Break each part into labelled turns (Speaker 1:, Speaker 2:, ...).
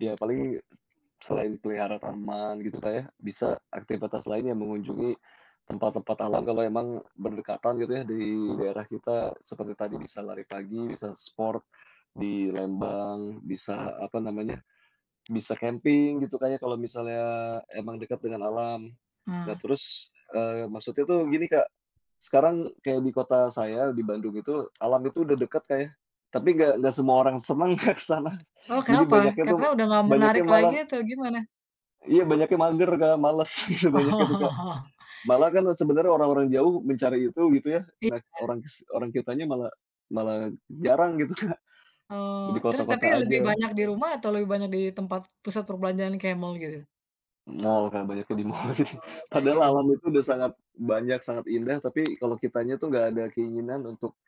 Speaker 1: Ya paling selain peliharaan taman, gitu Kak ya, bisa aktivitas lainnya mengunjungi tempat-tempat alam, kalau memang berdekatan gitu ya di daerah kita. Seperti tadi, bisa lari pagi, bisa sport di Lembang bisa, apa namanya bisa camping gitu Kak ya, kalau misalnya memang dekat dengan alam. Nah
Speaker 2: Ah.
Speaker 1: terus, eee, maksudnya tuh gini, Kak. Sekarang kayak di kota saya di Bandung itu, alam itu sudah dekat, Kak, ya, tapi enggak enggak semua orang senang, Kak, ke sana.
Speaker 2: Oh
Speaker 1: Jadi
Speaker 2: kenapa?
Speaker 1: banyaknya
Speaker 2: Karena
Speaker 1: tuh,
Speaker 2: udah nggak menarik
Speaker 1: banyaknya malah
Speaker 2: lagi, atau gimana?
Speaker 1: Iya, banyaknya mager, Kak, males. Banyak gitu, Kak. Malah kan yang sebenarnya orang-orang jauh mencari itu, gitu ya. Nah,
Speaker 2: Gitu kah?
Speaker 1: orangs orang kitanya malah malah jarang gitu, Kak.
Speaker 2: Oh,
Speaker 1: Di
Speaker 2: terus tapi
Speaker 1: kota-kota
Speaker 2: lebih
Speaker 1: saja.
Speaker 2: banyak di rumah atau lebih banyak di tempat pusat perbelanjaan kayak mall gitu?
Speaker 1: Mall, Kak, banyak yang di mall sih.
Speaker 2: Oh, banyaknya di
Speaker 1: Padahal alam
Speaker 2: rumah.
Speaker 1: itu udah sangat banyak, sangat indah. Tapi kalau kitanya tuh enggak ada keinginan untuk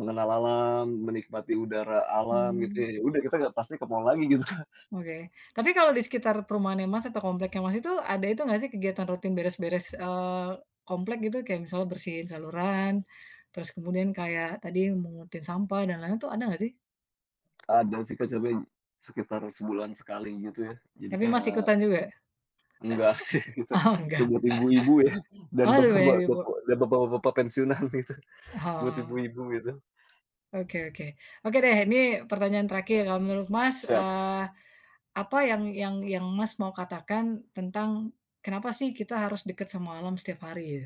Speaker 1: mengenal alam, menikmati udara alam gitu
Speaker 2: Mmm.
Speaker 1: ya, ya sudah, kita sudah pasti ke mall lagi gitu, Kak.
Speaker 2: Oke. Tapi kalau di sekitar perumahannya, Mas, atau kompleknya, Mas, itu, ada itu enggak sih kegiatan rutin beres-beres, eee, komplek gitu. Kayak misalnya, bersihin saluran, terus kemudian kayak tadi mungutin sampah dan lain-lain. Itu ada enggak sih?
Speaker 1: Ada sih, Kak, sering, sekitar sebulan sekali gitu ya, jadi
Speaker 2: Tapi, Mas,
Speaker 1: kayak
Speaker 2: ikutan juga?
Speaker 1: Enggak sih gitu.
Speaker 2: Oh,
Speaker 1: Itu
Speaker 2: enggak.
Speaker 1: buat ibu-ibu ya dan
Speaker 2: Oh lebih banyak
Speaker 1: bapak-bapak
Speaker 2: ibu-ibu.
Speaker 1: dan bapak-bapak pensiunan gitu. Buat
Speaker 2: Oh.
Speaker 1: ibu-ibu gitu.
Speaker 2: Oke oke. Oke deh, ini pertanyaan terakhir. Kalau menurut, Mas,
Speaker 1: Siap.
Speaker 2: eee, apa yang yang yang, Mas, mau katakan tentang, kenapa sih kita harus dekat sama alam setiap hari ya?